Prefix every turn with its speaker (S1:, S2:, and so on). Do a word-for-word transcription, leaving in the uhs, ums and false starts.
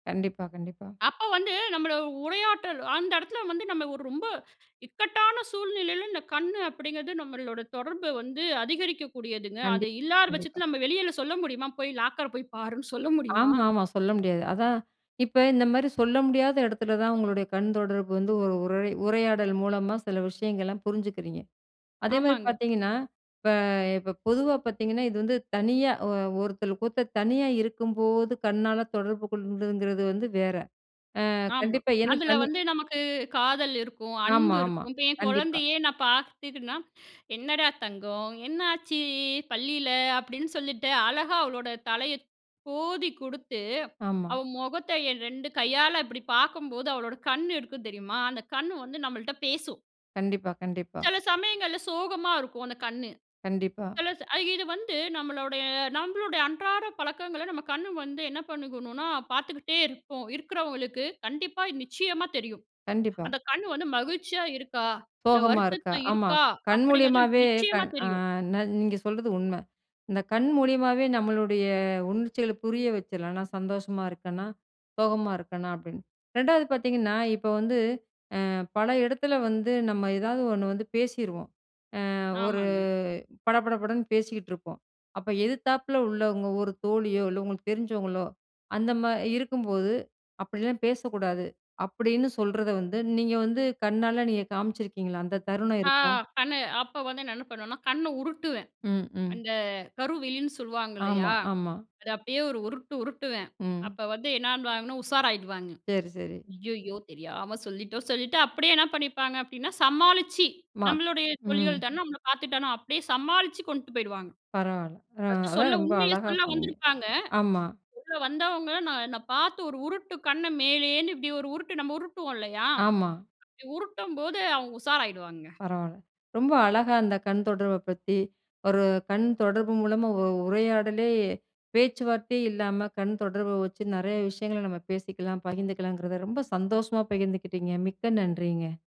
S1: கண்டிப்பா, கண்டிப்பா.
S2: அப்ப வந்து நம்மள உரையாற்றல் அந்த இடத்துல வந்து நம்ம ஒரு ரொம்ப இக்கட்டான சூழ்நிலையில இந்த கண்ணு அப்டிங்கிறது நம்மளோட தொடர்பு வந்து அதிகரிக்க கூடியதுங்க. அது
S1: கண்டிப்
S2: இல்லாத
S1: கண்டிப்பா.
S2: பட்சத்தில நம்ம வெளியில சொல்ல முடியுமா? போய் லாக்கர போய் பாருன்னு சொல்ல முடியுமா?
S1: ஆமாமா. சொல்ல முடியாது. அதான். இப்ப இந்த மாரி சொல்ல முடியாத இடத்துல தான் உங்களுடைய கண்தொடர்பு வந்து ஒரு உரய் உரையாடல் மூலமா சில விஷயங்கள்லாம், புரிஞ்சிக்கிறீங்க. அதே மாரி
S2: ஆமாங்க.
S1: பார்த்தீங்கன்னா, இப்ப இப்ப பொதுவா பார்த்தீங்கன்னா, இது வந்து தனியா அ ஒருத்தல் கூத்த தனியா இருக்கும்போது கண்ணால தொடர்பு கொள்ங்கிறது வந்து வேற. அ
S2: ஆமா.
S1: கண்டிப்பா, ஏன்னா
S2: அதில
S1: தனி
S2: வந்து நமக்கு காதல் இருக்கும்.
S1: ஆமா,
S2: அன்பு
S1: ஆமா.
S2: இருக்கும். இப்ப என்
S1: கண்டிப்பா.
S2: குழந்தையே, நான் பார்த்துகினா. "என்னடா தங்கம்! என்னாச்சு பள்ளில." அப்டின்னு சொல்லிட்டு அழகா அவளோட தலைய கோதி குடுத்து,
S1: ஆமா.
S2: அவ முகத்த என் ரெண்டு கையால இப்டி பார்க்கும்போது, அவளோட கண்ணு இருக்கும் தெரியுமா? அந்த கண்ணு வந்து நம்மள்ட்ட பேசும்!
S1: கண்டிப்பா, கண்டிப்பா.
S2: சில சமயங்கள்ல சோகமா இருக்கும் அந்த கண்ணு.
S1: கண்டிப்பா.
S2: சில அ இது வந்து நம்மளுடைய நம்மளோட அன்றாட பழக்கங்கள நம்ம கண் வந்து என்ன பண்ணிக்கணும்னா, பார்த்துக்கிட்டே இருப்போம். இருக்கவங்களுக்கு, கண்டிப்பா, நிச்சியமா தெரியும்!
S1: கண்டிப்பா.
S2: அந்த கண் வந்து மகிழ்ச்சியா இருக்கா, இல்ல
S1: சோகமா இருக்கா.
S2: வருத்தத்தில
S1: ஆமா
S2: இருக்கா
S1: கண்
S2: அப்டிங்கிறது
S1: மூலியமாவே
S2: நிச்சியமா
S1: கண் அ
S2: தெரியும்!
S1: ந நீங்க சொல்றது உண்ம. இந்த கண் மூலியமாவே நம்மளுடைய உணர்ச்சிகள புரிய வச்சுர்லாம். நான் சந்தோஷமா இருக்கனா, சோகமா இருக்கனா அப்டின்னு, ரெண்டாவது பார்த்தீங்கன்னா, இப்ப வந்து, அ பல இடத்துல வந்து நம்ம ஏதாவது ஒன்னு வந்து பேசிருவோம். அ ஒரு
S2: ஆமாங்க.
S1: பட பட படன்னு பேசிக்கிட்டுருப்போம். அப்ப எதிர்த்தாப்பல உள்ளவங்க ஒரு தோழியோ, இல்ல உங்களுக்கு தெரிஞ்சவங்களோ, அந்த மா இருக்கும்போது "அப்டிலாம் பேசக்கூடாது" அப்டின்னு சொல்றத வந்து நீங்க வந்து கண்ணால நீங்க காமிச்சிருக்கீங்களா? அந்த தருணம்
S2: அ
S1: இருக்கா?
S2: கண்ணு, அப்ப வந்து நான் என்ன பண்ணுவேன்னா, கண்ண உருட்டுவேன்.
S1: ம், ம்.
S2: அந்த கருவிழின்னு சொல்லுவாங்க
S1: ஆமா.
S2: இல்லயா?
S1: ஆமா.
S2: அத அப்டியே ஒரு உருட்டு உருட்டுவேன்!
S1: ம்.
S2: அப்ப வந்து என்னுவாங்கன்னா, உஷாராயிடுவாங்க.
S1: சரி, சரி.
S2: அய்யய்யோ! தெரியாம சொல்லிட்டோம். சொல்லிட்டு அப்டியே என்ன பண்ணிப்பாங்க அப்டின்னா சமாளிச்சு,
S1: மாத்
S2: நம்மளுடைய
S1: ம்.
S2: தொழிகல் தான, நம்மள பார்த்துட்டான அப்டியே சமாளிச்சு கொண்ட்டு போயிடுவாங்க.
S1: பரவால. அ
S2: பர்ஸ்ட் சொல்ல.
S1: அதான் ரொம்ப
S2: உண்மய
S1: அழகா
S2: சொல்ல
S1: சொன்னீங்க.
S2: வந்திருப்பாங்க.
S1: ஆமா
S2: சொல்ல வந்தவங்ககள நான் நா பார்த்து ஒரு உருட்டு. கண்ண மேலேன்னு இப்டி ஒரு உருட்டு நம்ம உருட்டுவோம் இல்லையா?
S1: ஆமா.
S2: அப்டி உருட்டும்போது, அவங்க உஷாராயிடுவாங்க.
S1: பரவால்ல. ரொம்ப அழகா அந்த கண்தொடர்பு பத்தி. ஒரு கண் தொடர்பு மூலமா உ உரையாடலே, பேச்சுவார்த்தையே இல்லாம, கண் தொடர்ப வச்சு, நறைய விஷயங்கள நம்ம பேசிக்கலாம், பகிர்ந்துக்கலாங்கிறத ரொம்ப சந்தோஷமா பகிர்ந்துக்கிட்டிங்க! மிக்க நன்றிங்க.